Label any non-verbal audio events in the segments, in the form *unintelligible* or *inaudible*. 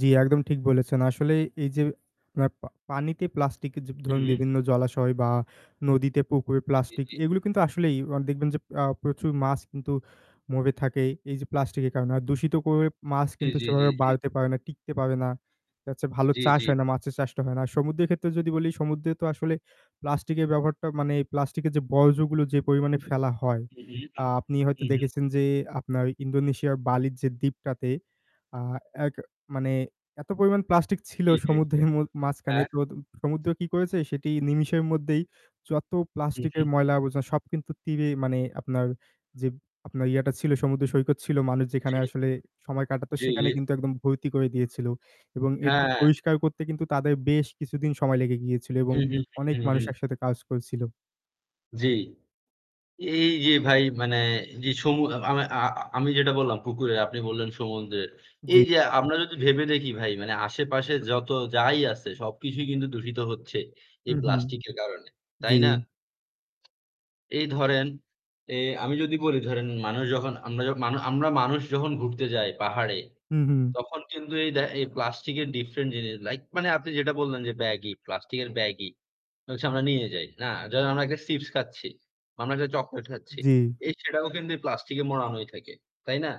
জ্বী একদম ঠিক বলেছেন। আসলেই এই যে আপ পা পানিতে প্লাস্টিক য ধরুন হুম। বিভিন্ন জলাশয় বা নদীতে, পুকুরে, জী, প্লাস্টিক জি, এগুলো কিন্তু আসলেই অ দেখবেন যে আ প্রচুর মাছ কিন্তু মরে থাকে এই যে প্লাস্টিকের কারণে। আর দূষিত করে মাছ জ্বী, কিন্তু জ্বী, জ্বী, সেভাবে জ্বী। বাড়তে পারে না, টিকতে পাবে না। দেখা যাচ্ছে ভালো জ্বী, চাষ জ্বী। হয় না, মাছের চাষটা হয় না। সমুদ্রের ক্ষেত্রে যদি বলি সমুদ্রে তো আসলে প্লাস্টিকের ব্যবহারটা মানে এই প্লাস্টিকের যে বর্জ্যগুলো যে পরিমাণে ফেলা হয়। হুম, আ হুম, আপনি হয়তো হুম, হুম। দেখেছেন যে আপনার ইন্দোনেশিয়ার বালির যে দ্বীপটাতে আ অ্যাক মানে এত পরিমাণ প্লাস্টিক ছিল জ্বী, জ্বী। সমুদ্রের মো মাঝখানে হ্যাঁ। তো দ সমুদ্র কি করেছে? সেটি নিমিষের মধ্যেই যত হু, প্লাস্টিকের হু। ময়লা-আবর্জনা সব কিন্তু তীরেই মানে আপনার যে আপনার ইয়াটা ছিল, সমুদ্র সৈকত ছিল মানুষ জি। যেখানে আসলে সময় কাটাতো জি, জি। সেখানে কিন্তু একদম ভর্তি করে দিয়েছিল। এবং এটি হ্যা। পরিষ্কার করতে কিন্তু তাদের বেশ কিছুদিন সময় লেগে গিয়েছিল এবং হুম, হুম, অনেক হুম, হুম, মানুষ হুম। একসাথে কাজ করছিল। জ্বি। এই যে ভাই মানে যে সমু আ আমে আ আমি যেটা বললাম পুকুরের আপনি বললেন সমুদ্রের। এই জ্বি। যে আমরা যদি ভেবে দেখি ভাই মানে আশেপাশে যত যাই আছে, সবকিছুই কিন্তু দূষিত হচ্ছে এই হুম, হম, প্লাস্টিক এর কারণে। তাই জ্বি। না? এই ধরেন এ আমি যদি বলি ধরেন মানুষ যখন আমরা যখ মান আমরা মানুষ যখন ঘুরতে যাই পাহাড়ে, হুম, হুম। তখন কিন্তু এই দে এই প্লাস্টিক এর ডিফারেন্ট জিনিস লাইক মানে আপনি যেটা বললেন যে ব্যাগই, প্লাস্টিকের ব্যাগই হচ্ছে আমরা নিয়ে যাই, না? ধরেন আমরা একটা চিপস খাচ্ছি, বা আমরা একটা চকোলেট খাচ্ছি। জ্বী। এই সেটাও কিন্তু ওই প্লাস্টিকে মোড়ানোই থাকে। তাই না?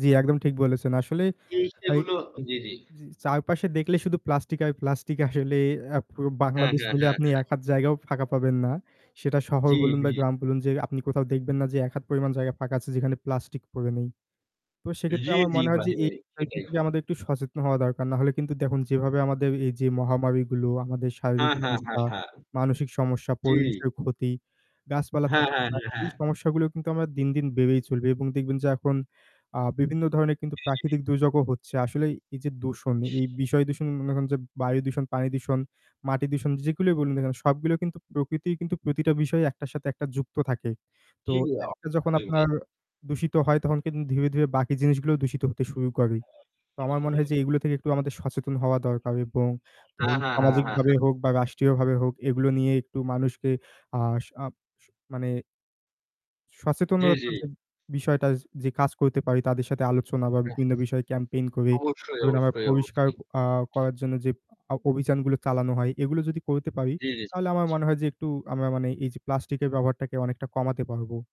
জ্বী একদম ঠিক বলেছেন। আসলে এই এই সেগুলো জ্বি, জ্বি। জি, চারপাশে দেখলে শুধু প্লাস্টিক আর প্লাস্টিক আসলে। আ পুরো হ্যাঁ, বাংলাদেশ হ্যাঁ, মিলে হ্যাঁ, আপনি হ্যাঁ। ১ হাত জায়গাও ফাঁকা পাবেন না। সেটা শহর জ্বী, বলুন বা জ্বী। গ্রাম বলুন যে আপনি কোথাও দেখবেন না যে ১ হাত পরিমাণ জায়গা ফাঁকা আছে যেখানে প্লাস্টিক পড়ে নেই। তো সেক্ষেত্রে জ্বি, আমার জ্বি, মনে হয় যে ভাই, এই ভাই সেটাই। *unintelligible* আমাদের একটু সচেতন হওয়া দরকার। নাহলে কিন্তু দেখুন যেভাবে আমাদের এই যে মহামারিগুলো আমাদের হা, শারীরিক হা, হা, সমস্যা, হা। মানসিক সমস্যা, জি। পরিবেশের ক্ষতি, গাছপালা হ্যাঁ, থাকছে হ্যাঁ, না, হ্যাঁ, হ্যাঁ। এই সমস্যাগুলো কিন্তু আমরা দিন, দিন, বেড়েই চলবে। এবং দেখবেন যে এখন আ বিভিন্ন ধরনের কিন্তু জি, জি। প্রাকৃতিক দুর্যোগও হচ্ছে। আসলেই এই যে দূষণ, এই বিষয় দূষণ মনে করেন যে বায়ু দূষণ, পানি দূষণ, মাটি দূষণ যেগুলোই বলুন না কেন, সবগুলো কিন্তু প্রকৃতি কিন্তু প্রতিটা বিষয় একটার সাথে একটা যুক্ত থাকে। তো জ্বি, একটা যখন অবশ্যই ভাই। আপনার দূষিত হয় তখন কিন্তু ধীরে, ধীরে, বাকি জিনিসগুলোও দূষিত হতে শুরু করে। তো আমার মনে হয় যে এইগুলো থেকে একটু আমাদের সচেতন হওয়া দরকার এবং হা, ধরুন হা, হা, হা, হা। সামাজিকভাবে হোক বা রাষ্ট্রীয়ভাবে হোক এগুলো নিয়ে একটু মানুষকে আ স আপ মানে জ্বী, জ্বী। সচেতনতার যে বিষয়টা যে যে কাজ করতে পারি তাদের সাথে আলোচনা বা বিভিন্ন বিষয়ে ক্যাম্পেইন করি। অবশ্যই, ধরুন আমরা অবশ্যই, অবশ্যই। পরিষ্কার আ করার জন্য যে অ অভিযানগুলো চালানো হয়, এগুলো যদি করতে পারি, জ্বী, তাহলে আমার জ্বী। মনে হয় যে একটু আমরা মানে এই যে প্লাস্টিক এর ব্যবহারটাকে অনেকটা কমাতে পারবো।